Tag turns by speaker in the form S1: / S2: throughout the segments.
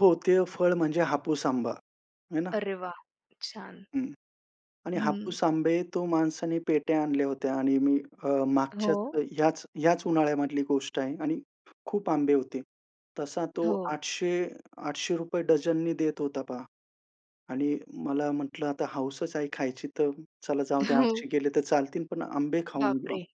S1: हो ते फळ म्हणजे हापूस आंबा, है ना.
S2: अरे वाह! छान.
S1: हं. आणि
S2: हं.
S1: हापूस आंबे तो माणसाने पेट्या आणल्या होत्या आणि मी अ, मागच्या
S2: हो.
S1: ह्याच ह्याच उन्हाळ्यामधली गोष्ट आहे आणि खूप आंबे होते. तसा तो
S2: हो.
S1: 800 ₹800 डझननी देत होता, पहा. आणि मला म्हटलं आता हौसच आहे खायची, तर चला जाऊ ते
S2: हो.
S1: 800 गेले तर चालतील, पण आंबे खाऊन घेऊ.
S2: बापरे!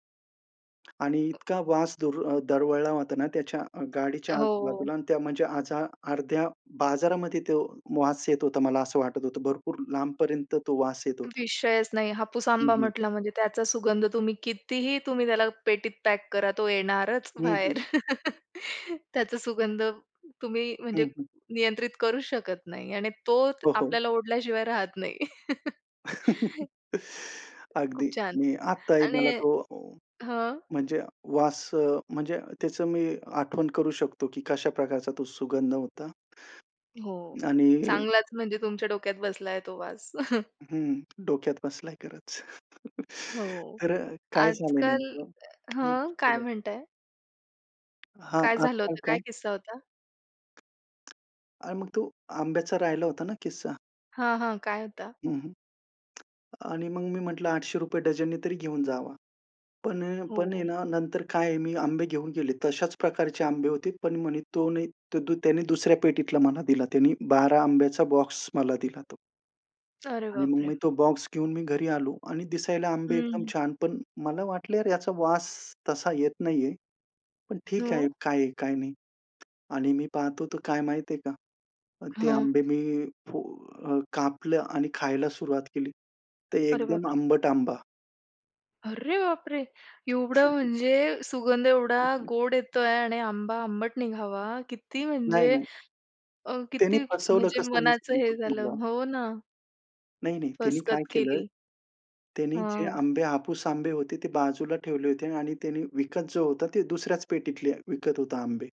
S1: आणि इतका वास दूर दरवळला होता ना, त्याच्या अ, गाडीच्या
S2: हो.
S1: आजूबाजूला आणि त्या म्हणजे आजा अर्ध्या बाजारामध्ये तो वास येत होता. मला असं वाटत होतं. भरपूर लांबपर्यंत तो वास येत होता.
S2: विषयच नाही. हापूस
S1: हं,
S2: आंबा
S1: हं.
S2: म्हटलं म्हणजे त्याचा सुगंध तुम्ही कितीही, तुम्ही त्याला पेटीत पॅक करा तो येणारच
S1: हं, हं.
S2: बाहेर. त्याचा सुगंध तुम्ही
S1: हं,
S2: म्हणजे
S1: हं.
S2: नियंत्रित करू शकत नाही. आणि तो
S1: हो, हो.
S2: आपल्याला ओढल्याशिवाय राहत नाही. खूप
S1: अगदी,
S2: छान
S1: मी आत्ताही
S2: आणि
S1: मला तो अ,
S2: हं.
S1: म्हणजे वास अ, म्हणजे त्याचं मी आठवण करू शकतो, की कशा प्रकारचा तो सुगंध होता.
S2: हो.
S1: आणि
S2: चांगलाच म्हणजे तुमच्या डोक्यात बसलाय तो वास.
S1: हं, डोक्यात बसलाय खरचं.
S2: हो.
S1: तर अ, काय झालं आहे
S2: आजकाल
S1: नेमकं हं,
S2: हं, काय
S1: बोला.
S2: म्हणताय?
S1: हां,
S2: काय झालं
S1: आजकाल
S2: होतं? काय
S1: काय?
S2: किस्सा होता?
S1: आणि मग तो आंब्याचा राहिला होता ना किस्सा.
S2: हां, हां. काय होता?
S1: हं, हं. आणि मग मी म्हटलं ₹800 डझनने तरी घेऊन जावा. पण अ, पण
S2: हो.
S1: आहे ना, नंतर काय आहे मी आंबे घेऊन गेले. तशाच प्रकारचे आंबे होते पण म्हणे तो नाही, तो द त्याने दुसऱ्या पेटीतला मला दिला. त्याने 12 आंब्याचा बॉक्स मला दिला तो.
S2: अरे
S1: आणि मग
S2: बापरे!
S1: मी तो बॉक्स घेऊन मी घरी आलो आणि दिसायला आंबे एकदम
S2: हं.
S1: छान पण मला वाटलं यार याचा वास तसा येत नाही आहे. पण ठीक आहे
S2: हो.
S1: काय काय नाही. आणि मी पाहतो तर काय माहिती आहे का. ते
S2: हां.
S1: आंबे मी फो अ, कापलं आणि खायला सुरुवात केली. तर
S2: अरे
S1: एकदम
S2: बापरे!
S1: आंबट आंबा.
S2: अरे, बापरे! एवढं म्हणजे सुगंध एवढा गोड येतोय आणि आंबा आंबट निघावा किती
S1: नाही,
S2: म्हणजे.
S1: नाही.
S2: अ,
S1: त्यांनी
S2: किती
S1: फसवलं
S2: म्हणजे
S1: कसं मी
S2: मनाचं
S1: सांगतो
S2: हे झालं.
S1: तुम्हाला.
S2: हो ना.
S1: नाही, नाही, त्यांनी काय
S2: फसगत
S1: केलं,
S2: केली.
S1: त्यांनी जे
S2: हां.
S1: आंबे, हापूस आंबे होते, ते बाजूला ठेवले होते आणि त्यांनी विकत जो होता ते दुसऱ्याच पेटीतले विकत होता आंबे.